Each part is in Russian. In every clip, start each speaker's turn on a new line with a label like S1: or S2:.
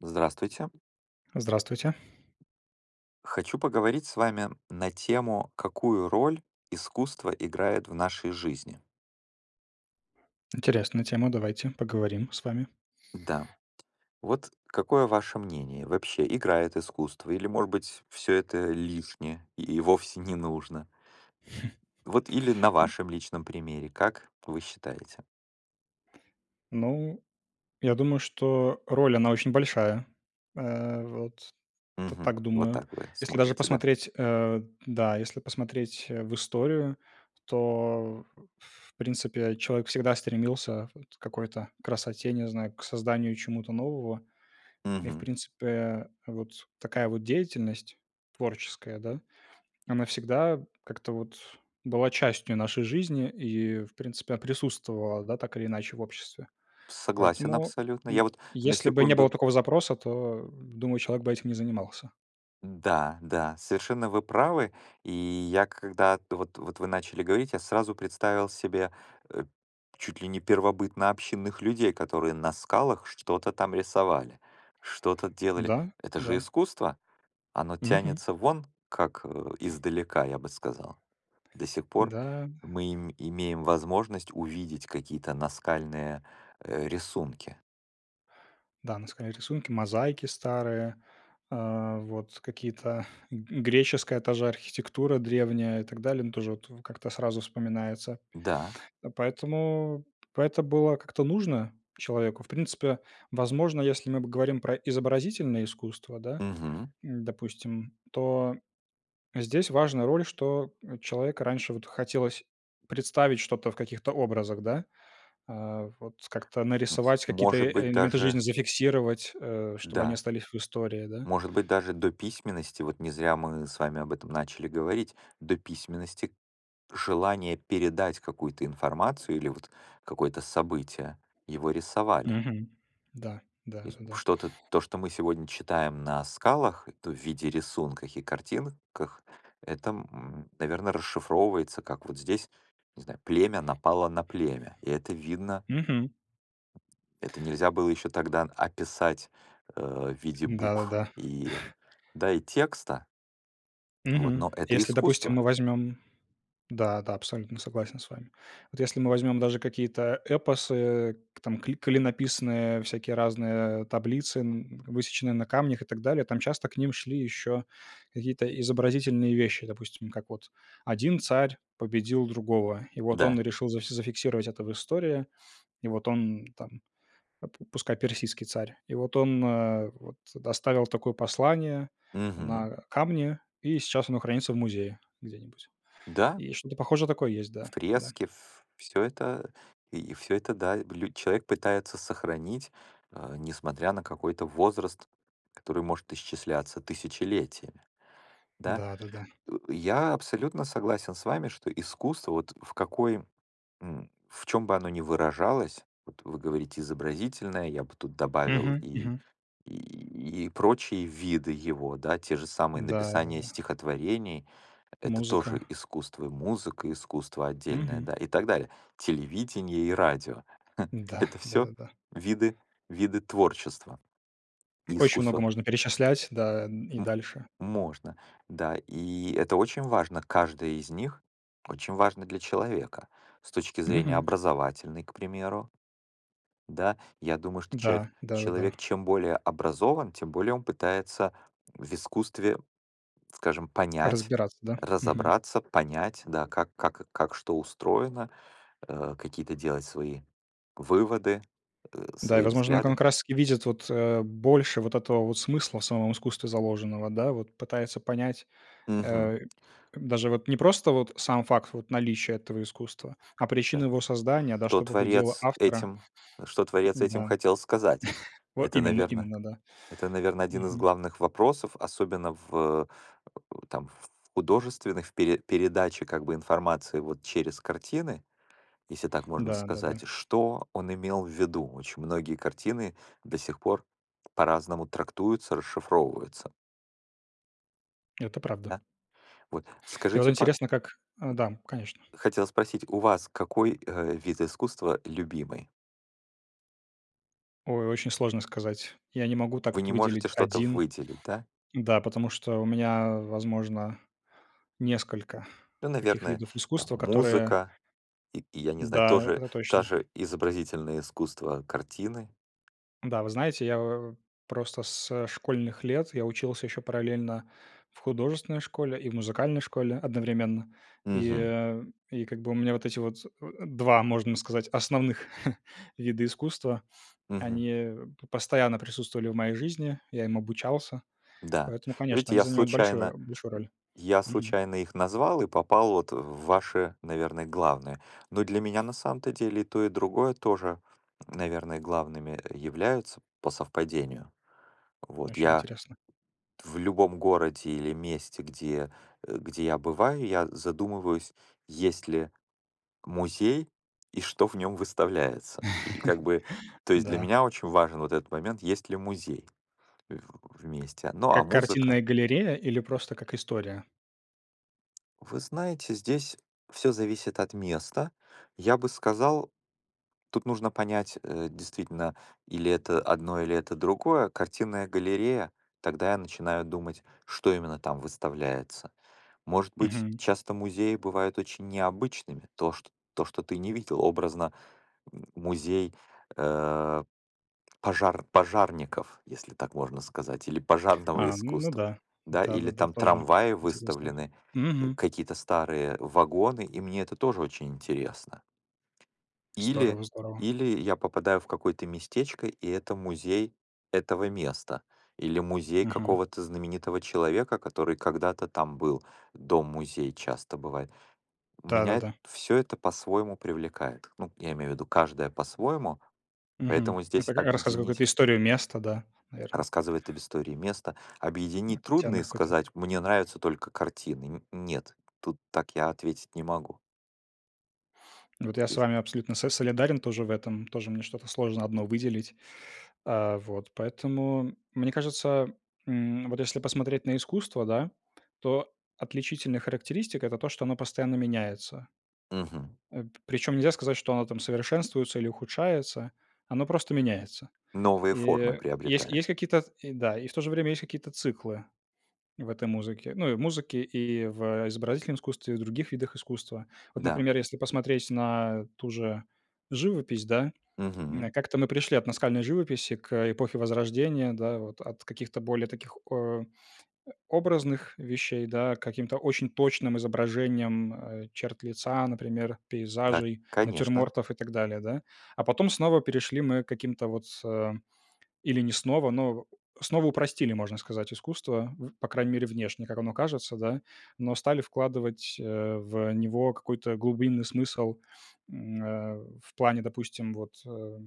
S1: Здравствуйте.
S2: Здравствуйте.
S1: Хочу поговорить с вами на тему: "Какую роль искусство играет в нашей жизни?"
S2: Интересная тема. Давайте, поговорим с вами.
S1: Да. Вот какое ваше мнение? Вообще, играет искусство или, может быть, всё это лишнее и и вовсе не нужно? Вот или на
S2: М.
S1: вашем личном примере. Как вы считаете?
S2: Ну, я думаю, что роль, она очень большая. Э, вот т
S1: Мгм,
S2: так
S1: вот
S2: думаю,
S1: так вы
S2: если даже
S1: смотрите, да?
S2: посмотреть, э, да, если посмотреть, э, в историю, то, в принципе, человек всегда стремился вот к какой-то красоте, не знаю, к созданию чему-то нового. И, в
S1: Мгм.
S2: принципе, вот такая вот деятельность творческая, да, она всегда как-то вот была частью нашей жизни и, в принципе, она присутствовала, да, так или иначе в обществе.
S1: Согласен
S2: Поэтому,
S1: абсолютно. Я
S2: м,
S1: вот на
S2: если бы не было
S1: секунду
S2: такого запроса, то, думаю, человек бы этим не занимался.
S1: Да, да, совершенно вы правы, и я, когда вот вот вы начали говорить, я сразу представил себе, э, чуть ли не первобытнообщинных людей, которые на скалах что-то там рисовали, что-то делали.
S2: Да,
S1: Это же
S2: да.
S1: искусство! Оно
S2: Мгм.
S1: тянется вон как издалека, я бы сказал. До сих пор
S2: Да.
S1: мы им имеем возможность увидеть какие-то наскальные, э, рисунки.
S2: Да, наскальные рисунки, мозаики старые, а, вот какие-то, греческая та же архитектура древняя и так далее. Ну, тоже вот как-то сразу вспоминается.
S1: Да.
S2: А, поэтому, поэто была как-то нужно человеку. В принципе, возможно, если мы бы говорим про изобразительные искусства, да,
S1: Мгм.
S2: допустим, то здесь важна роль, что человека раньше вот хотелось представить что-то в каких-то образах, да. А, вот как-то нарисовать, какие-то
S1: Может
S2: э
S1: быть
S2: элементы жизни,
S1: даже
S2: зафиксировать, э, чтобы они
S1: Да.
S2: остались в истории, да.
S1: Может быть, даже до письменности, вот не зря мы с вами об этом начали говорить. До письменности желание передать какую-то информацию или вот какое-то событие- его рисовали.
S2: Мгм. Да,
S1: То есть
S2: да-да-да.
S1: что-то, то, что мы сегодня читаем на скалах, и то в виде рисунках и картинках, это, м, наверно, расшифровывается как вот здесь, не знаю, племя напало на племя. И это видно.
S2: Мгм.
S1: Это нельзя было ещё тогда описать, э, в виде букв
S2: Да-да-да.
S1: и, да, и текста вот,
S2: Мгм.
S1: но это
S2: Если, допустим,
S1: искусство.
S2: мы возьмем Да, да, абсолютно согласен с вами. Вот если мы возьмём даже какие-то эпосы, там кли клинописные всякие разные таблицы, м, высеченные на камнях и так далее, там часто к ним шли ещё какие-то изобразительные вещи. Допустим, как вот один царь победил другого. И вот он
S1: Да.
S2: решил за зафиксировать это в истории. И вот он там па пускай, персидский царь, и вот он, э, вот оставил такое послание
S1: Мгм.
S2: на камне, и сейчас оно хранится в музее где-нибудь,
S1: Да.
S2: и что-то похожее такое есть,
S1: В
S2: да, да.
S1: фреске ф всё это и всё это, да, лю человек пытается сохранить, а, несмотря на какой-то возраст, который может исчисляться тысячелетиями, да.
S2: Да-да-да.
S1: Ы я абсолютно согласен с вами, что искусство, вот в какое м, в чём бы оно ни выражалось, вот вы говорите изобразительное, я бы тут добавил
S2: Мгм,
S1: и
S2: мгм.
S1: и и прочие виды его, да, те же самые
S2: Да,
S1: написание
S2: да-да-да.
S1: стихотворений- это тоже
S2: Музыка.
S1: искусство, и музыка- искусство отдельное,
S2: Мгм.
S1: да, и так далее. Телевидение и радио-
S2: Да,
S1: это всё
S2: да-да-да.
S1: виды виды творчества и
S2: Очень много
S1: искусства.
S2: можно перечислять, да, и
S1: М
S2: дальше.
S1: можно, да, и это очень важно, каждое из них очень важно для человека с точки зрения
S2: Мгм.
S1: образовательной, к примеру. Да, я думаю, что человек
S2: Да, да-да-да.
S1: человек чем более образован, тем более он пытается в искусстве, скажем, понять,
S2: Разбираться, да? Мгм.
S1: разобраться, понять, да, как как как что устроено, э, какие-то делать свои выводы, э,
S2: Да, и,
S1: свои
S2: возможно, он
S1: взгляды.
S2: как раз таки видит, вот, э, больше вот этого вот смысла в самом искусстве заложенного, да, вот пытается понять.
S1: Мгм.
S2: Э, даже вот не просто вот сам факт вот наличия этого искусства, а причину
S1: Да,
S2: его создания, да,
S1: то
S2: что побудило
S1: творец
S2: автора.
S1: этим, что
S2: Да.
S1: творец этим хотел сказать?
S2: Во
S1: Это,
S2: именно
S1: наверно,
S2: именно, да.
S1: это, наверно, 1 из
S2: Мгм.
S1: главных вопросов, особенно в, э э, там в художественных в пере передаче как бы информации, вот, через картины, если так можно
S2: Да, да-да.
S1: сказать, что он имел в виду. Очень многие картины до сих пор по-разному трактуются, расшифровываются.
S2: Это правда.
S1: Да, вот
S2: И вот
S1: скажите, па М.
S2: интересно как а, да, конечно.
S1: Хотел спросить, у вас какой, э, вид искусства- любимый?
S2: Ой, очень сложно сказать. Я не могу так
S1: Вы
S2: вот
S1: не можете
S2: выделить
S1: что-то
S2: один,
S1: выделить, да?
S2: да, потому что у меня, возможно, несколько
S1: Ну,
S2: таких
S1: наверное,
S2: видов
S1: там
S2: искусства, которые
S1: музыка, и и, я не знаю,
S2: Да,
S1: тоже,
S2: это
S1: та
S2: точно.
S1: же изобразительное искусство- картины.
S2: Да, вы знаете, я, о о просто со школьных лет я учился ещё параллельно в художественной школе и музыкальной школе одновременно, и,
S1: Мгм.
S2: а, и, как бы, у меня вот эти вот, а, а, 2, можно сказать, основных вида искусства, они
S1: Мгм.
S2: п постоянно присутствовали в моей жизни, я им обучался,
S1: Да,
S2: поэтому, конечно,
S1: ведь
S2: они
S1: я
S2: занимают большое
S1: случайно,
S2: большую роль.
S1: я
S2: Мгм.
S1: случайно их назвал и попал вот в ваши, наверное, главные. Но для меня на самом-то деле и то, и другое тоже, наверное, главными являются по совпадению. Вот,
S2: Очень
S1: я
S2: интересно.
S1: в любом городе или месте, где, э, где я бываю, я задумываюсь, есть ли музей и что в нём выставляется. И, как бы, то есть для
S2: Да.
S1: меня очень важен вот этот момент, есть ли музей в в месте. Ну, а
S2: Как
S1: музыка?
S2: картинная галерея, или просто как история?
S1: Вы знаете, здесь всё зависит от места. Я бы сказал, тут нужно понять, э, действительно, или это одно, или это другое. Картинная галерея? Тогда я начинаю думать, что именно там выставляется. Может быть,
S2: Мгм.
S1: часто музеи бывают очень необычными, то, чт то, что ты не видел. Образно, м, музей, э, пожар пожарников, если так можно сказать, или пожарного
S2: А, н ну
S1: искусства,
S2: да,
S1: да. Или
S2: да-да-да,
S1: там
S2: тоже
S1: трамваи
S2: интересно.
S1: выставлены, э,
S2: Мгм.
S1: какие-то старые вагоны, и мне это тоже очень интересно. Или
S2: Здорово, здорово.
S1: или я попадаю в какое-то местечко, и это музей этого места, или музей
S2: Мгм.
S1: какого-то знаменитого человека, который когда-то там был. Дом-музей часто бывает. Меня
S2: Да-да-да.
S1: всё это по-своему привлекает. Ну, я имею в виду, каждая по-своему,
S2: Мгм.
S1: поэтому здесь
S2: Рат рассказывает какую-то
S1: объединить
S2: историю места, да, наверно.
S1: Рассказывает об истории места.
S2: М,
S1: Объединить
S2: тян
S1: трудно и
S2: какой-то.
S1: сказать: "Мне нравятся только картины". Н нет, тут так я ответить не могу.
S2: Вот
S1: Вот,
S2: я с
S1: и
S2: вами абсолютно с солидарен тоже в этом, тоже мне что-то сложно одно выделить. А, вот поэтому, мне кажется, м, вот если посмотреть на искусство, да, то отличительная характеристика- это то, что оно постоянно меняется.
S1: Мгм.
S2: Э, п причем нельзя сказать, что оно там совершенствуется или ухудшается. Оно просто меняется.
S1: Новые
S2: И,
S1: формы
S2: э, есть
S1: приобретает.
S2: есть какие-то, и да, и в то же время есть какие-то циклы в этой музыке, ну, и в музыке, и в изобразительном искусстве, и в других видах искусства. Вот,
S1: Да.
S2: например, если посмотреть на ту же живопись, да,
S1: Мгм.
S2: м, как-то мы пришли от наскальной живописи к эпохе Возрождения, да, вот от каких-то более таких, о, образных вещей, да, к каким-то очень точным изображениям, э, черт лица, например,
S1: Так,
S2: пейзажей,
S1: конечно.
S2: натюрмортов и так далее, да. А потом снова перешли мы к каким-то вот, э, или не снова, но снова упростили, можно сказать, искусство, в по крайней мере, внешне, как оно кажется, да, но стали вкладывать, э, в него какой-то глубинный смысл, м, э, в плане, допустим, вот, э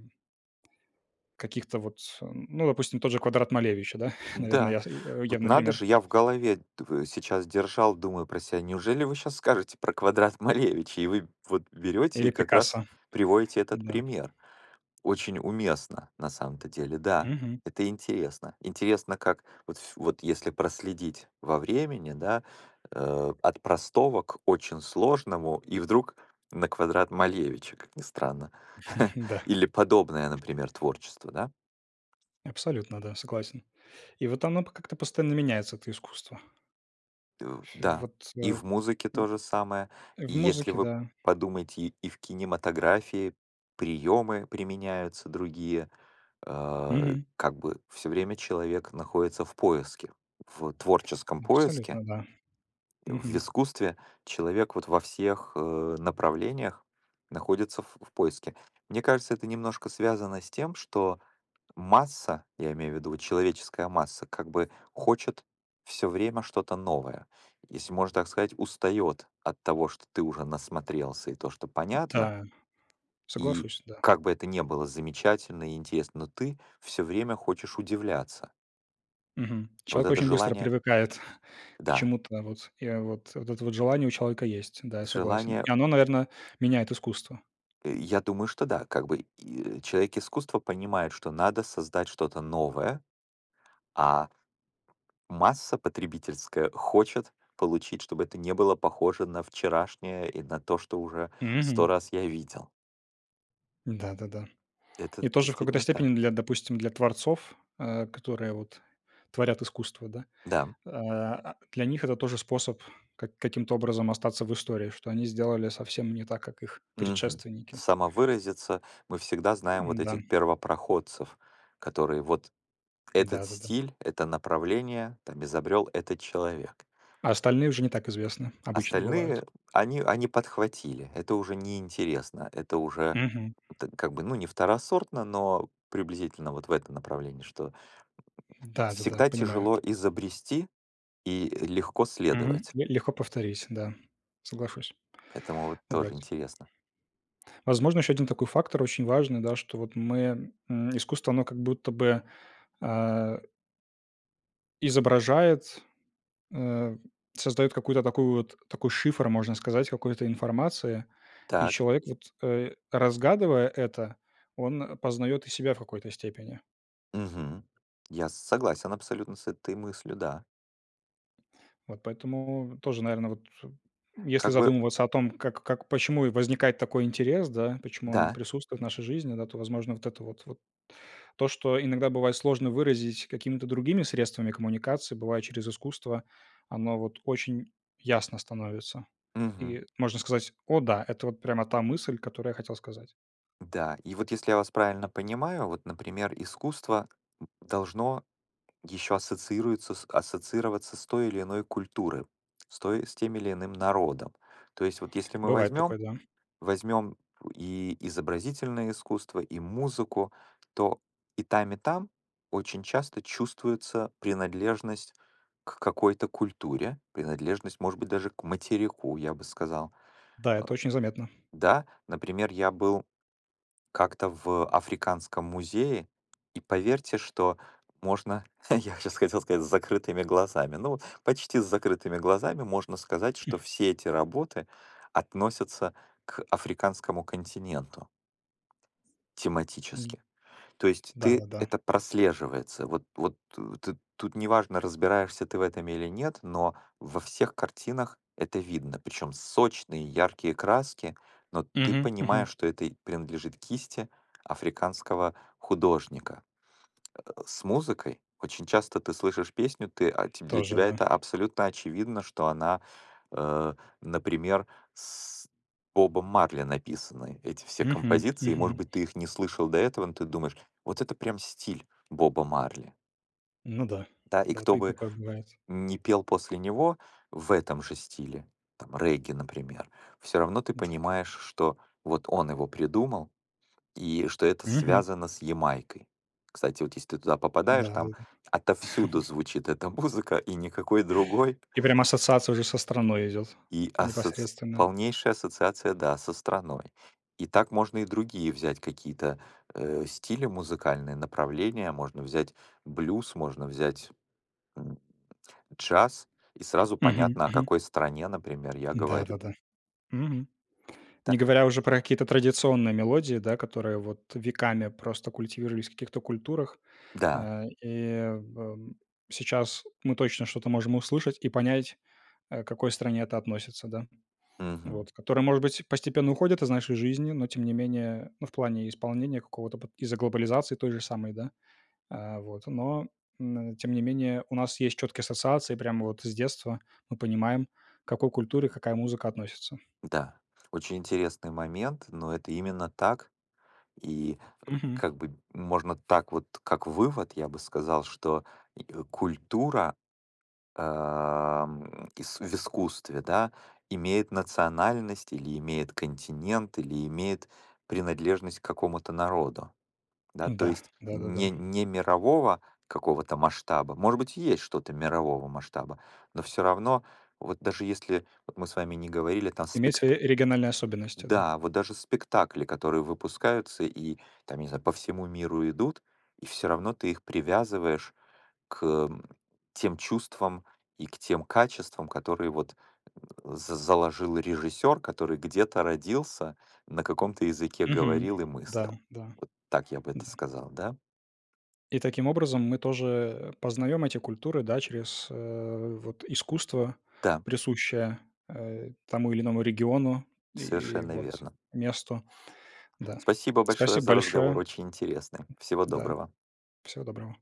S2: каких-то вот, ну, допустим, тот же квадрат Малевича, да, наверно,
S1: Да,
S2: яв э,
S1: вот
S2: явный
S1: надо
S2: пример.
S1: же, я в голове, д в сейчас держал, думаю про ся: неужели вы щас скажете про квадрат Малевича? И вы вот берёте
S2: Или
S1: и как раз
S2: Пикассо,
S1: приводите этот
S2: да.
S1: пример. Очень уместно, на самом-то деле. Да,
S2: Мгм.
S1: это интересно. Интересно, как вот ф вот если проследить во времени, да, э, от простого к очень сложному, и вдруг на квадрат Малевича, как ни странно.
S2: Да.
S1: Или подобное, например, творчество, да?
S2: Абсолютно, да, согласен. И вот оно п как-то постоянно меняется, это искусство.
S1: Э,
S2: Ф и
S1: да,
S2: вот, э,
S1: и в
S2: м,
S1: музыке то же самое. И
S2: в
S1: если
S2: музыке,
S1: вы
S2: да.
S1: подумаете, и и в кинематографии приемы применяются другие. Э,
S2: Мгм.
S1: как бы, всё время человек находится в поиске, в творческом поиске.
S2: Абсолютно, да,
S1: И в
S2: мгм.
S1: искусстве человек вот во всех, э, направлениях находится в в поиске. Мне кажется, это немножко связано с тем, что масса- я имею в виду, человеческая масса- как бы хочет всё время что-то новое. Если, можно так сказать, устаёт от того, что ты уже насмотрелся и то, что понятно.
S2: Да.
S1: И
S2: Соглашусь, да.
S1: как бы это ни было замечательно и интересно, но ты всё время хочешь удивляться.
S2: Мгм.
S1: Вот
S2: Человек
S1: это
S2: очень быстро
S1: желание
S2: привыкает к
S1: Да.
S2: чему-то, вот, я вот это вот желание у человека есть, да, я согласен.
S1: Желание
S2: И оно, наверно, меняет искусство.
S1: Э, я думаю, что да. Как бы, и, э, человек искусства понимает, что надо создать что-то новое, а. Масса потребительская хочет получить, чтобы это не было похоже на вчерашнее и на то, что уже 100
S2: Мгм.
S1: раз я видел.
S2: Да-да-да.
S1: Это
S2: И тоже в какой-то
S1: действительно так.
S2: степени для допустим, для творцов, э, которые вот творят искусство, да.
S1: Да.
S2: Э, а_ для них них это тоже способ ка каким-то образом остаться в истории, что они сделали совсем не так, как их
S1: Мгм.
S2: предшественники.
S1: Самовыразиться. Мы всегда знаем вот
S2: М-да.
S1: этих первопроходцев, которые вот этот
S2: Да-да-да.
S1: стиль, это направление, там изобрёл этот человек.
S2: А остальные уже не так известны, обычно бывают.
S1: Остальные они они подхватили. Это уже неинтересно. Это уже
S2: Мгм.
S1: как бы, ну, не второсортно, но приблизительно вот в этом направлении, что, м,
S2: М-да, да-да,
S1: всегда
S2: понимаю.
S1: тяжело изобрести и легко
S2: Мгм.
S1: следовать.
S2: Ле легко повторить, да, соглашусь.
S1: Поэтому вот
S2: Вот.
S1: тоже интересно.
S2: Возможно, еще 1 такой фактор очень важный, да, что вот мы, м, искусство, оно как будто бы, а изображает, э, создаёт какой-то такой вот такой шифр, можно сказать, какой-то информации. И
S1: Так.
S2: человек, вот, э, разгадывая это, он познаёт и себя в какой-то степени.
S1: Мгм. Я согласен абсолютно с этой мыслью, да.
S2: Вот поэтому тоже, наверно, вот, э, если
S1: Как бы
S2: задумываться о том, как как, почему и возникает такой интерес, да, почему он
S1: Да.
S2: присутствует в нашей жизни, да, то, возможно, вот это вот вот То, что иногда бывает сложно выразить какими-то другими средствами коммуникации, бывает, через искусство оно вот очень ясно становится,
S1: Мгм.
S2: и можно сказать: "О да, это вот прямо та мысль, которую я хотел сказать".
S1: Да, и вот если я вас правильно понимаю, вот, например, искусство, должно еще ассоциируется с ассоциироваться с той или иной культурой, с той с тем или иным народом. То есть вот если мы
S2: Бывает
S1: возьмем
S2: такое, да.
S1: возьмем у и изобразительное искусство, и музыку, то и там, и там очень часто чувствуется принадлежность к какой-то культуре, принадлежность, может быть, даже к материку, я бы сказал.
S2: Да, это очень заметно.
S1: Да, например, я был как-то в африканском музее, и поверьте, что можно, я щас хотел сказать, с закрытыми глазами. Ну, почти с закрытыми глазами можно сказать, что все эти работы относятся к африканскому континенту. Тематически. То есть ты
S2: Да-да-да.
S1: это прослеживается. Вот вот, э, ты тут неважно, разбираешься ты в этом или нет, но во всех картинах это видно. Причём сочные, яркие краски, но ты
S2: Мгм,
S1: понимаешь,
S2: мгм.
S1: что это и принадлежит кисти африканского художника. А, с музыкой очень часто ты слышишь песню, ты, а те для
S2: Тоже
S1: тебя
S2: да.
S1: это абсолютно очевидно, что она, э, например, с Бобом Марли написаны, эти все
S2: Мгм,
S1: композиции. И может
S2: мгм.
S1: быть, ты их не слышал до этого, но ты думаешь: "Вот это прям стиль Боба Марли".
S2: Ну да
S1: Да, и
S2: да,
S1: кто
S2: ты и
S1: бы
S2: такое бывает.
S1: ни пел после него в этом же стиле, там регги, например, всё равно ты
S2: Да.
S1: понимаешь, что вот он его придумал и что это
S2: Мгм.
S1: связано с Ямайкой. Кстати, вот если ты туда попадаешь,
S2: Да, да,
S1: там
S2: да.
S1: отовсюду звучит эта музыка, и никакой другой.
S2: И прям ассоциация уже со страной идет
S1: И ассоци
S2: непосредственно.
S1: полнейшая ассоциация, да, со страной. И так можно и другие взять какие-то, э, стили, музыкальные направления, можно взять блюз, можно взять, м, джаз. И сразу
S2: Мгм,
S1: понятно, о
S2: мгм.
S1: какой стране, например, я говорю.
S2: Да-да-да. Мгм.
S1: Та
S2: Не говоря уже
S1: [unintelligible]
S2: про какие-то традиционные мелодии, да, которые вот веками просто культивировались в каких-то культурах.
S1: Да.
S2: Э, и в сейчас мы точно что-то можем услышать и понять, э, к какой стране это относится, да.
S1: Мгм.
S2: Вот, которая, может быть, постепенно уходит из нашей жизни, но тем не менее, ну, в плане исполнения какого-то пот из-за глобализации той же самой, да, а, вот. Но н тем не менее, у нас есть чёткие ассоциации, прямо вот с детства мы понимаем, к какой культуре какая музыка относится.
S1: Да, очень интересный момент, но это именно так. И, э,
S2: Мгм.
S1: как бы можно так вот, как вывод я бы сказал, что и, э, культура, ам, ис в искусстве, да, имеет национальность, или имеет континент, или имеет принадлежность к какому-то народу. Да, то
S2: Да,
S1: есть
S2: да, да, да.
S1: не не мирового какого-то масштаба. Может быть, есть что-то мирового масштаба, но всё равно, вот даже если вот мы с вами не говорили, там
S2: Имеется,
S1: спект
S2: э, региональные особенности, да.
S1: м-да, вот даже спектакли, которые выпускаются и там, не знаю, по всему миру идут, и всё равно ты их привязываешь к, м, тем чувствам и к тем качествам, которые вот, э, за заложил режиссёр, который где-то родился, на каком-то языке
S2: Мгм.
S1: говорил и мыслил.
S2: Да-да,
S1: Так я бы это
S2: да.
S1: сказал, да?
S2: И таким образом мы тоже, э, познаем эти культуры, да, через, э, вот искусство,
S1: Да.
S2: присущее, э, тому или иному региону и и
S1: Совершенно
S2: вот
S1: верно.
S2: месту. Да.
S1: Спасибо большое
S2: Спасибо
S1: за
S2: большое.
S1: разговор. Очень интересный. Всего
S2: М-да.
S1: доброго.
S2: Всего доброго.